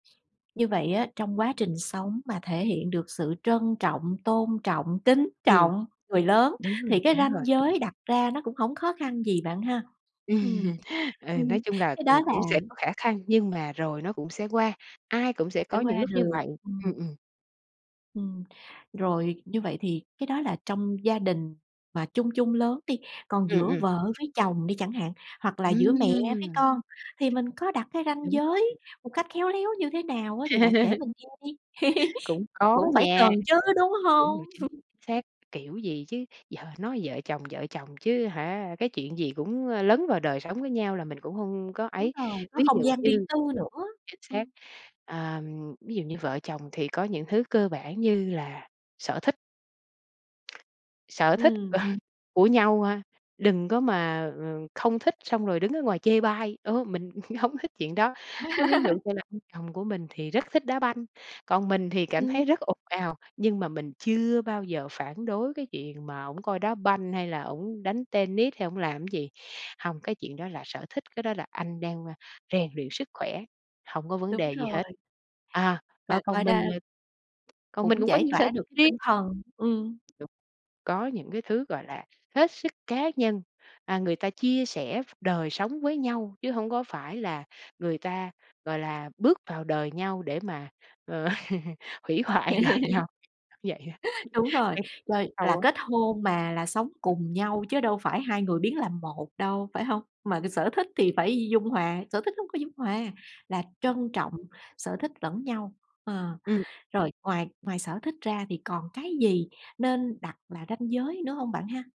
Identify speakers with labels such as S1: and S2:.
S1: Như vậy á, trong quá trình sống mà thể hiện được sự trân trọng, tôn trọng, kính
S2: Ừm.
S1: trọng người lớn
S2: Đúng rồi,
S1: thì cái
S2: đúng
S1: ranh
S2: rồi.
S1: giới đặt ra nó cũng hổng khó khăn gì bạn ha? Ừm,
S2: Ừm. Ừ,
S1: ừm,
S2: nói chung là,
S1: cái
S2: ừm,
S1: đó là
S2: cũng sẽ có khả khăn nhưng mà rồi nó cũng sẽ qua, ai cũng sẽ
S1: Sẽ
S2: có những
S1: qua
S2: lúc như
S1: được,
S2: vậy, ừm,
S1: ừm.
S2: ừm.
S1: Ừm, rồi như vậy thì cái đó là trong gia đình mà chung chung lớn đi, còn
S2: Ừm,
S1: giữa
S2: ừm.
S1: vợ với chồng đi chẳng hạn, hoặc là giữa mẹ với
S2: Ừm!
S1: con, thì mình có đặt cái ranh
S2: Đúng [unintelligible]
S1: giới một cách khéo léo như thế nào á? Thì bạn kể mình nghe đi!
S2: Cũng có
S1: Cũng phải
S2: nha.
S1: cần chứ, đúng
S2: Đúng
S1: hông?
S2: rồi, chính xác, chính xác, kiểu gì chứ, giờ nói vợ chồng, vợ chồng chứ hả, cái chuyện gì cũng, ơ, lấn vào đời sống của nhau là mình cũng không có
S1: Đúng
S2: ấy.
S1: rồi, có
S2: Ví
S1: không
S2: dụ
S1: gian riêng
S2: như
S1: tư nữa,
S2: chính xác.
S1: ừm.
S2: Ờ, ví dụ như vợ chồng thì có những thứ cơ bản như là sở thích. Sở thích
S1: Ừm.
S2: của nhau ha, đừng có mà, ờ, không thích xong rồi đứng ở ngoài chê bai, ô, mình hông thích chuyện đó. Á, ví dụ như là ông chồng của mình thì rất thích đá banh, còn mình thì cảm
S1: Ừm.
S2: thấy rất ồn ào, nhưng mà mình chưa bao giờ phản đối cái chuyện mà ổng coi đá banh, hay là ổng đánh tennis, hay ổng làm gì. Hông, cái chuyện đó là sở thích, cái đó là anh đang, ơ, rèn luyện sức khỏe, hông có vấn
S1: Đúng
S2: đề gì
S1: rồi.
S2: hết. À,
S1: Và
S2: ờ,
S1: coi
S2: còn
S1: đa
S2: mình, ờ còn mình
S1: cũng
S2: cũng có
S1: giải
S2: những sở
S1: tỏa
S2: [unintelligible]
S1: được cái
S2: riêng.
S1: tinh thần, ừm.
S2: Đúng, có những cái thứ, gọi là, hết sức cá nhân, à, người ta chia sẻ v đời sống với nhau chứ hông có phải là người ta, gọi là, bước vào đời nhau để mà, ờ, hủy hoại đời nhau [unintelligible] vậy á,
S1: Đúng rồi, rồi là
S2: câu á
S1: kết hôn mà là sống cùng nhau chứ đâu phải 2 người biến làm 1 đâu, phải hông? Mà cái sở thích thì phải dung hòa. Sở thích nó hông có dung hòa, là trân trọng sở thích lẫn nhau, ờ.
S2: Ừm.
S1: Rồi ngoài ngoài sở thích ra thì còn cái gì nên đặt là ranh giới nữa hông bạn ha?